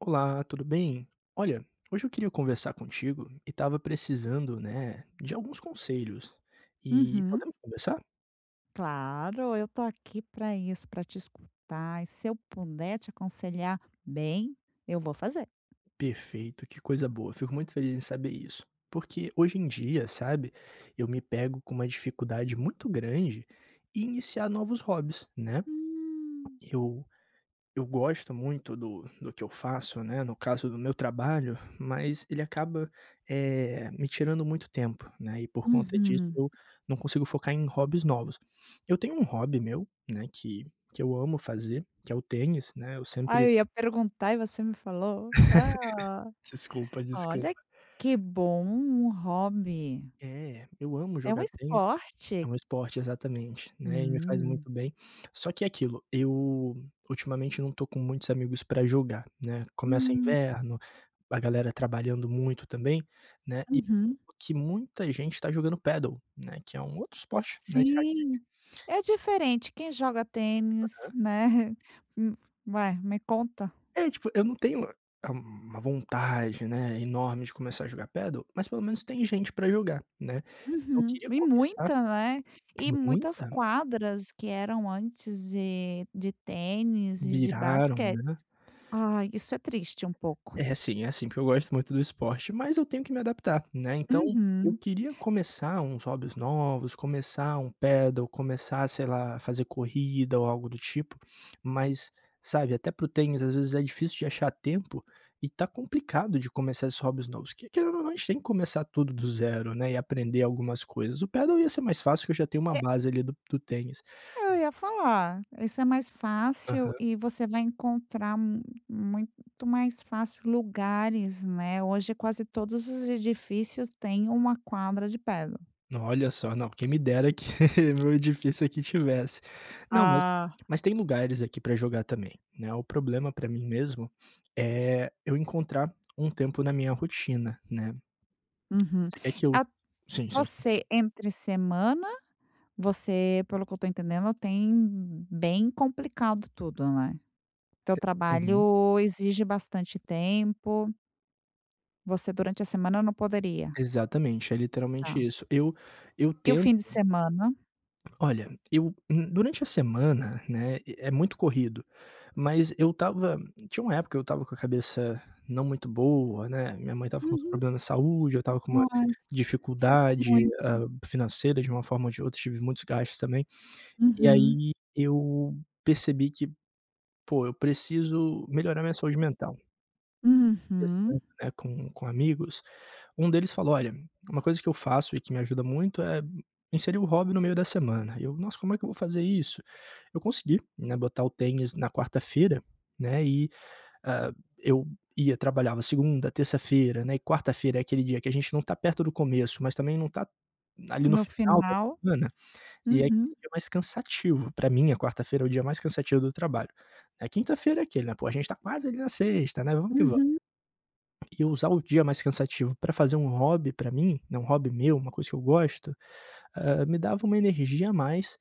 Olá, tudo bem? Olha, hoje eu queria conversar contigo e estava precisando, né, de alguns conselhos. E, Uhum. podemos conversar? Claro, eu estou aqui pra isso, pra te escutar, e se eu puder te aconselhar bem, eu vou fazer. Perfeito, que coisa boa, fico muito feliz em saber isso. Porque hoje em dia, sabe, eu me pego com uma dificuldade muito grande em iniciar novos hobbies, né? Hum. Eu eu gosto muito do do que eu faço, né, no caso do meu trabalho, mas ele acaba, eh, me tirando muito tempo, né. E por conta disso, Uhum. eu não consigo focar em hobbies novos. Eu tenho um hobby meu, né, que que eu amo fazer, que é o tênis, né? Eu Ai, sempre eu ia perguntar e você me falou. Ah. Desculpa, Olha, desculpa. que bom, um hobby. É, eu amo É o jogar tênis. É esporte. um esporte, exatamente, né. E me faz Hum. muito bem. Só que aquilo, eu ultimamente não estou com muitos amigos para jogar, né. Começa o Hum. inverno, a galera trabalhando muito também, né. E, Uhum. o que muita gente está jogando Padel, né? Que é um outro esporte, né, de raquete. Sim. É diferente, quem joga tênis, Aham. né? Hum, vai, me conta É, tipo, eu não tenho, ah uma vontade, né, enorme de começar a jogar Padel, mas pelo menos tem gente para jogar, né? Então eu Uhum, queria e começar muita, né? E muitas Muita. quadras que eram antes de de tênis e de Viraram, basque né? Ah, isso é triste, um pouco. É sim, é sim, porque eu gosto muito do esporte, mas eu tenho que me adaptar, né. Então eu Uhum. queria começar uns hobbies novos, começar um Padel, começar, sei lá, fazer corrida ou algo do tipo. Mas, sabe, até para o tênis, às vezes é difícil de achar tempo, e tá complicado de começar esses hobbies novos. Que querendo ou não, a gente tem que começar tudo do zero, né, e aprender algumas coisas. O Padel ia ser mais fácil, que eu já tenho uma É base ali, do do tênis. Eu ia falar, isso é mais fácil, Aham. e você vai encontrar m muito mais fácil lugares, né. Hoje quase todos os edifícios têm uma quadra de Padel. Olha só. Não, quem me dera que meu edifício aqui tivesse. Não, mas Ah. mas tem lugares aqui para jogar também, né. O problema para mim mesmo é eu encontrar um tempo na minha rotina, né. Uhum. Você quer que eu At sim, sim, sim. você entre semana, você, pelo que eu estou entendendo, tem bem complicado tudo, né? Teu Uhum. trabalho exige bastante tempo. Você durante a semana não poderia? Exatamente, é literalmente Tá. isso. Eu eu E o tento fim de semana? Olha, eu hum, durante a semana, né, eh, é muito corrido, mas eu estava tinha uma época, eu estava com a cabeça não muito boa, né, minha mãe estava com uns Uhum. problemas de saúde, eu estava com uma Ai, s sinto dificuldade, muito. hum, financeira de uma forma ou de outra, tive muitos gastos também. E Uhum. aí, eu percebi que: "Poxa, eu preciso melhorar minha saúde mental.". Uhum. Conversando, né, com com amigos um deles falou: "Olha, uma coisa que eu faço e que me ajuda muito é, hum, inserir o hobby no meio da semana.", eu: "Nossa, como é que eu vou fazer isso?". Eu consegui, né, botar o tênis na quarta-feira, né, e, ah, eu ia trabalhava segunda, terça-feira, né, eh, quarta-feira é aquele dia que a gente não tá perto do começo, mas também não tá ali no No final da final, semana, e é uhum. aquele dia mais cansativo, pra mim a quarta-feira é o dia mais cansativo do trabalho, eh, quinta-feira é aquele, né: "Poxa, a gente tá quase ali na sexta, né? Vamos que vamos". Uhum. E eu usar o dia mais cansativo pra fazer um hobby pra mim, né, um hobby meu, uma coisa que eu gosto, ah, me dava uma energia a mais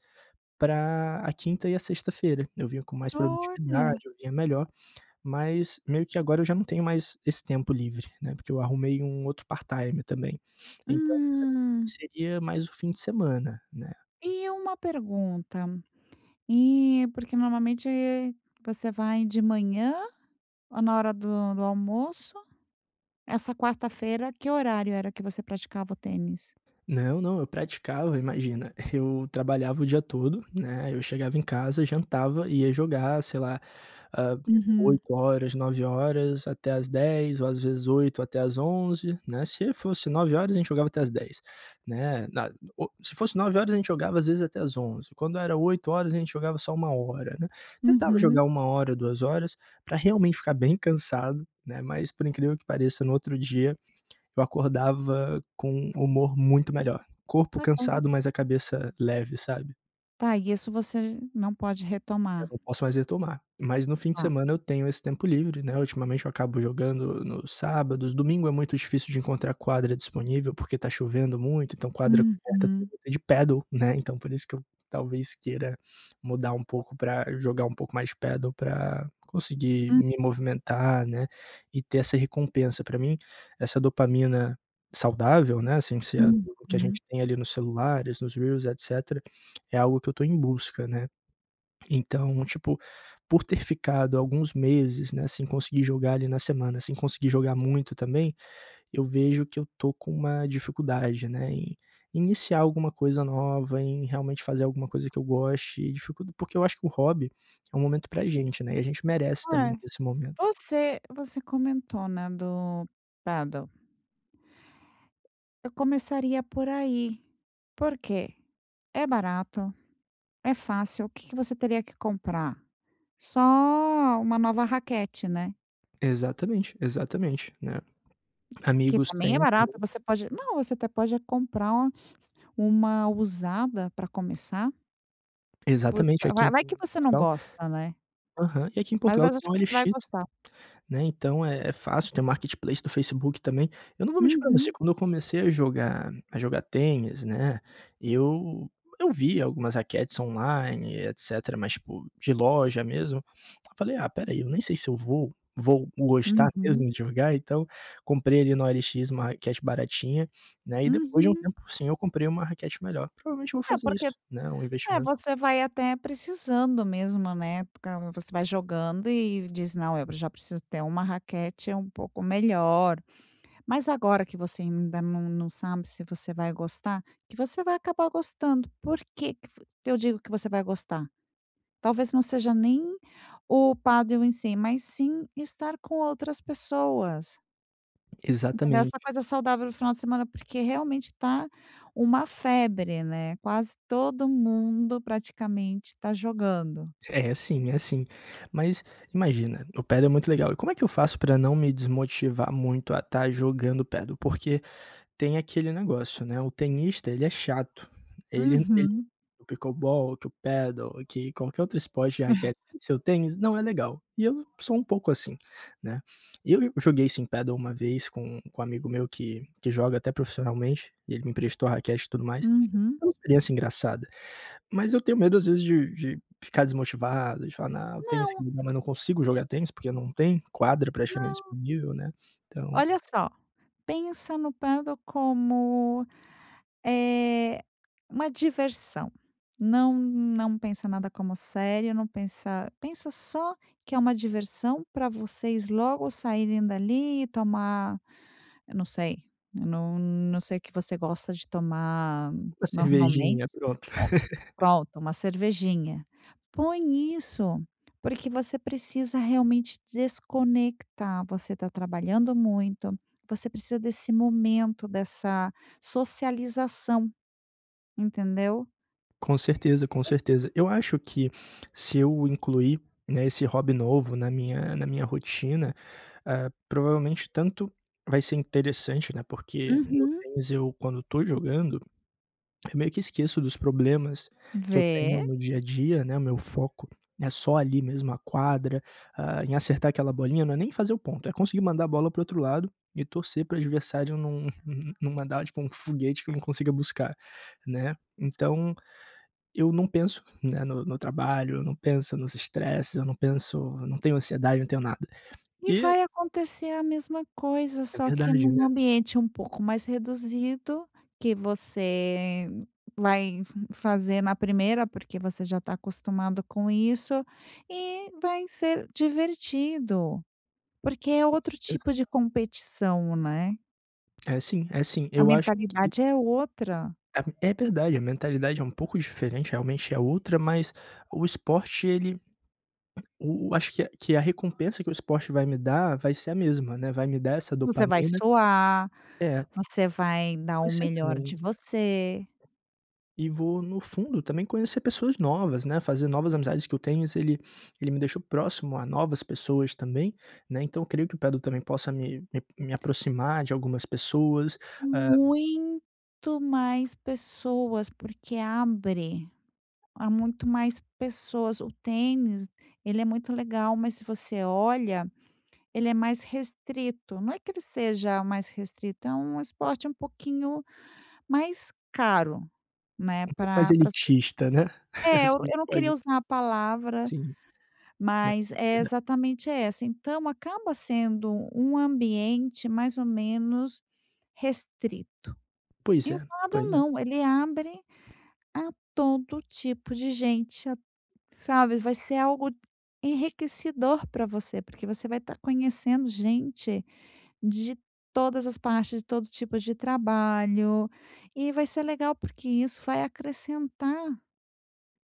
pra a quinta e a sexta-feira, eu vinha com mais produtividade, Olha! eu vinha melhor, mas meio que agora eu já não tenho mais esse tempo livre, né, porque eu arrumei um outro part-time também. Então pra mim Hum. seria mais o fim de semana, né. Eh, uma pergunta, eh, porque normalmente você vai de manhã ou na hora do do almoço, essa quarta-feira que horário era que você praticava o tênis? Não não, eu praticava, imagina, eu trabalhava o dia todo, né, eu chegava em casa, jantava e ia jogar, sei lá, ah, Uhum. 20h, 21h até às 22h ou, às vezes 20h até às 23h, né? Se fosse 21h a gente jogava até às 22h, né. Na o se fosse 21h a gente jogava, às vezes até às 23h, quando era 20h a gente jogava só 1h, né. Tentava Uhum. jogar 1h, 2h pra realmente ficar bem cansado, né, mas, por incrível que pareça, no outro dia eu acordava com humor muito melhor, corpo cansado, [unintelligible] mas a cabeça leve, sabe? Tá, e isso você não pode Eu retomar? não posso mais retomar, mas no fim de Ah. semana eu tenho esse tempo livre, né. Ultimamente eu acabo jogando nos sábados, domingo é muito difícil de encontrar quadra disponível porque tá chovendo muito, então quadra coberta eu Uhum. vou ter de pádel, né, então, por isso que eu talvez queira mudar um pouco pra jogar um pouco mais pádel pra conseguir Hum. me movimentar, né, e ter essa recompensa pra mim, essa dopamina saudável, né, sem ser o que a Uhum. gente tem ali nos celulares, nos reels, etc., é algo que eu tô em busca, né. Então, tipo, por ter ficado alguns meses, né, sem conseguir jogar ali na semana, sem conseguir jogar muito também eu vejo que eu tô com uma dificuldade, né, em iniciar alguma coisa nova, em realmente fazer alguma coisa que eu goste e dificuld porque eu acho que o hobby é um momento pra a gente, né, e a gente merece também Eh, desse momento. você você comentou, né, do pádel eu começaria por aí. Por que? É barato, é fácil. O que que você teria que comprar? Só 1 nova raquete, né? Exatamente, exatamente, né? Que Amigos também é têm também. barato. Você pode não, você até pode comprar uma usada para começar. Por Exatamente aqui vai em vai que você não Portugal. gosta, né? Aham, e aqui em Mas va Portugal acho tem que você vai OLX, gostar. né? Então é é fácil, tem o marketplace do Facebook também. Eu não vou mentir pra você. Uhum. Quando eu comecei a jogar a jogar tênis, né, eu eu vi algumas raquetes online etcetera, mas tipo de loja mesmo eu falei: "Ah, espera aí, eu nem sei se eu vou vou gostar Uhum. mesmo de jogar," então, comprei ali no OLX uma raquete baratinha, né? E depois de um Uhum. tempo sim, eu comprei uma raquete melhor. Provavelmente eu vou É, fazer porque isso, né? Um é investimento. você vai até precisando mesmo, né? Porque você vai jogando e diz: "Não, eu já preciso ter uma raquete é um pouco melhor." Mas agora que você ainda não não sabe se você vai gostar, que você vai acabar gostando. Por que que eu digo que você vai gostar? Talvez não seja nem o paddle em si, mas sim estar com outras pessoas. Entendeu? Essa Exatamente. coisa saudável no final de semana, porque realmente tá uma febre, né. Quase todo mundo, praticamente, tá jogando. É sim, é sim. Mas, imagina, o Padel é muito legal. E como é que eu faço pra não me desmotivar muito a estar jogando padel? Porque, tem aquele negócio, né, o tenista, ele é chato. Ele [unintelligible] Uhum. o Pickleball, que o Padel, que qualquer outro esporte de raquete sem ser o tênis não é legal, e eu sou um pouco assim, né? E eu e joguei, sim, padel uma vez com com um amigo meu que que joga até profissionalmente, e ele me emprestou a raquete e tudo mais. Uhum. Foi uma experiência engraçada. Mas eu tenho medo, às vezes, de de ficar desmotivado, de falar: "Não, o tênis", Não. [unintelligible] mas não consigo jogar tênis, porque não tem quadra praticamente Não. disponível, né? Então Olha só, pensa no Padel como, eh, uma diversão. Não não pensa nada como sério, não pensa pensa só que é uma diversão pra vocês logo saírem dali e ir tomar eu não sei, eu não não sei o que você gosta de tomar Uma normalmente cervejinha, pronto. pronto, uma cervejinha. Põe isso, porque você precisa realmente desconectar. Você tá trabalhando muito. Você precisa desse momento, dessa socialização. Entendeu? Com certeza, com certeza. Eu acho que se eu incluir, né, esse hobby novo na minha na minha rotina, ah, provavelmente tanto vai ser interessante, né, porque no Uhum. tênis eu, quando estou jogando, eu meio que esqueço dos problemas que eu tenho Vê. no dia a dia, né. O meu foco é só ali mesmo, a quadra, ah, em acertar aquela bolinha, não é nem fazer o ponto, é conseguir mandar a bola para outro lado e torcer para o adversário não não mandar tipo um foguete que eu não consiga buscar, né? Então, eu não penso, né, no no trabalho, eu não pensa nos estresses, eu não penso eu não tenho ansiedade, não tenho nada. E E vai acontecer a mesma coisa, É só que verdade, num né? ambiente um pouco mais reduzido, que você vai fazer na primeira, porque você já está acostumado com isso, e vai ser divertido. Porque é outro Exa tipo de competição, né? É sim, é sim. A Eu acho que mentalidade é outra. Ah, é verdade. A mentalidade é um pouco diferente, realmente é outra, mas o esporte, ele o o acho que a que a recompensa que o esporte vai me dar, vai ser a mesma, né? Vai me dar essa Você vai dopamina soar, É. você vai dar o Conhecer melhor de também você. E vou no fundo também conhecer pessoas novas, né? Fazer novas amizades, que o tênis ele ele me deixou próximo a novas pessoas também, né? Então eu creio que o padel também possa me me me aproximar de algumas pessoas. Ah Muito mais pessoas, porque abre. Há muito mais pessoas. O tênis, ele é muito legal, mas se você olha, ele é mais restrito. Não é que ele seja mais restrito, é um esporte um pouquinho mais caro, né? Um pouco mais Pra para as pesso elitista, né? é, eu Sim, eu não queria pode usar a palavra, Sim. mas é [unintelligible] exatamente é essa. Então, acaba sendo um ambiente mais ou menos restrito. Pois E é, o padel pois é. não, ele abre a todo tipo de gente, a sabe, vai ser algo enriquecedor para você, porque você vai estar conhecendo gente de todas as partes, de todo tipo de trabalho. E vai ser legal, porque isso vai acrescentar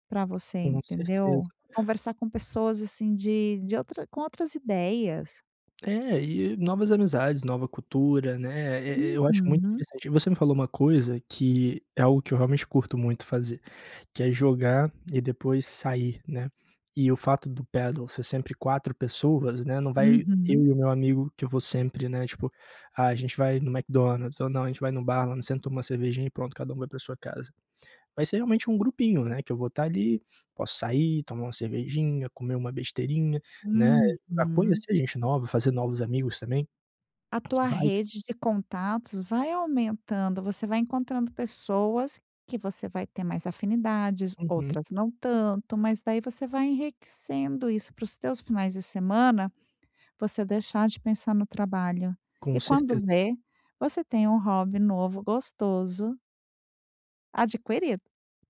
pra você, Com certeza. entendeu? Conversar com pessoas, assim, de de outra com outras ideias. É. E novas amizades, nova cultura, né. Eh eh, eu eu acho muito Uhum. interessante Você me falou uma coisa que é algo que eu realmente curto muito fazer, que é jogar e depois sair, né. E o fato do pedal ser sempre 4 pessoas, né. Não vai eu Uhum. e o meu amigo, que eu vou sempre, né. Tipo, ah, a gente vai no McDonald's ou não, a gente vai no bar lá sempre toma uma cervejinha e pronto, cada um vai para a sua casa. Vai ser realmente um grupinho, né, que eu vou estar ali. Posso sair, tomar uma cervejinha, comer uma besteirinha, né, pra Uhum. conhecer gente nova, fazer novos amigos também. A tua Vai rede de contatos vai aumentando. Você vai encontrando pessoas que você vai ter mais afinidades, Uhum. outras não tanto. Mas daí, você vai enriquecendo isso para os teus finais de semana você deixar de pensar no trabalho. Com E quando certeza. vê, você tem um hobby novo, gostoso adquirido.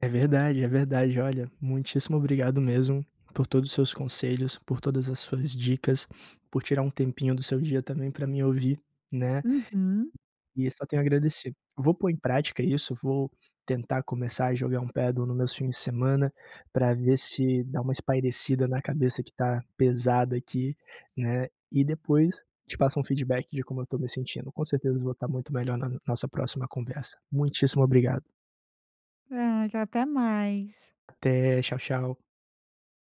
É verdade, é verdade. Olha, muitíssimo obrigado mesmo por todos os seus conselhos, por todas as suas dicas, por tirar um tempinho do seu dia também pra me ouvir, né? Uhum. E só tenho a agradecer. Vou pôr em prática isso. Vou tentar começar a jogar um padel nos meus fins de semana pra ver se dá uma espairecida na cabeça, que tá pesada aqui, né. E depois, te passo um feedback de como eu tô me sentindo. Com certeza, eu vou estar muito melhor n na nossa próxima conversa. Muitíssimo obrigado. Nada. Até mais. Até. Tchau, tchau.